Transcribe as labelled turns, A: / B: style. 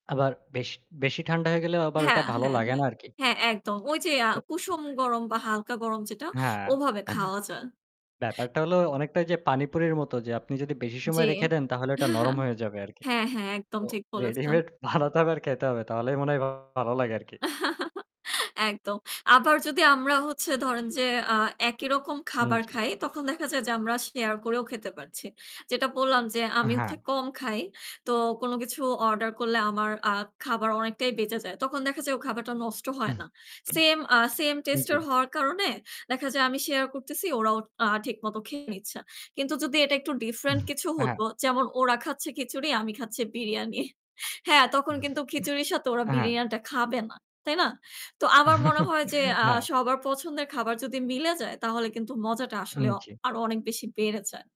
A: আবার বেশ, বেশি ঠান্ডা হয়ে গেলেও আবার
B: হ্যাঁ,
A: ওইটা ভালো
B: হ্যাঁ,
A: লাগে
B: হ্যাঁ,
A: না আর কি।
B: হ্যাঁ, একদম। ওই যে আ
A: তো
B: কুসুম গরম বা হালকা গরম যেটা,
A: হ্যাঁ। অ্যা
B: ওভাবে খাওয়া যায়।
A: ব্যাপারটা হলো অনেকটা যে পানিপুরির মতো যে আপনি যদি বেশি
B: জি।
A: সময় রেখে দেন তাহলে ওটা নরম হয়ে যাবে আরকি।
B: হ্যাঁ, হ্যাঁ, একদম
A: তো
B: ঠিক বলেছেন।
A: ready-made বানাতে হবে আর খেতে হবে তাহলেই মনে হয় ভালো লাগে আর কি।
B: একদম। আবার যদি আমরা হচ্ছে ধরেন যে আ একই রকম
A: উম
B: খাবার
A: জি।
B: খাই, তখন দেখা যায় যে আমরা share করেও খেতে পারছি। যেটা বললাম যে
A: অ্যা
B: আমি
A: হ্যাঁ।
B: হচ্ছে কম খাই। তো কোন কিছু order করলে আমার আ খাবার অনেকটাই বেঁচে যায়। তখন দেখা যায় ও খাবারটা নষ্ট হয় না। Same আ same
A: উম
B: taste এর
A: জি।
B: হওয়ার কারণে দেখা যায় আমি share করতেছি, ওরাও আ ঠিকমতো খেয়ে নিচ্ছে। কিন্তু যদি এটা একটু different কিছু
A: অ্যা হ্যাঁ।
B: হতো, যেমন ওরা খাচ্ছে খিচুড়ি, আমি খাচ্ছি বিরিয়ানি। হ্যাঁ, তখন কিন্তু খিচুড়ির সাথে ওরা
A: অ্যা হ্যাঁ।
B: বিরিয়ানিটা খাবে না, তাই না? তো আমার মনে হয় যে আ
A: হ্যাঁ।
B: সবার পছন্দের খাবার যদি মিলে যায় তাহলে কিন্তু মজাটা
A: উম
B: আসলে অ
A: জি।
B: আরো অনেক বেশি বেড়ে যায়।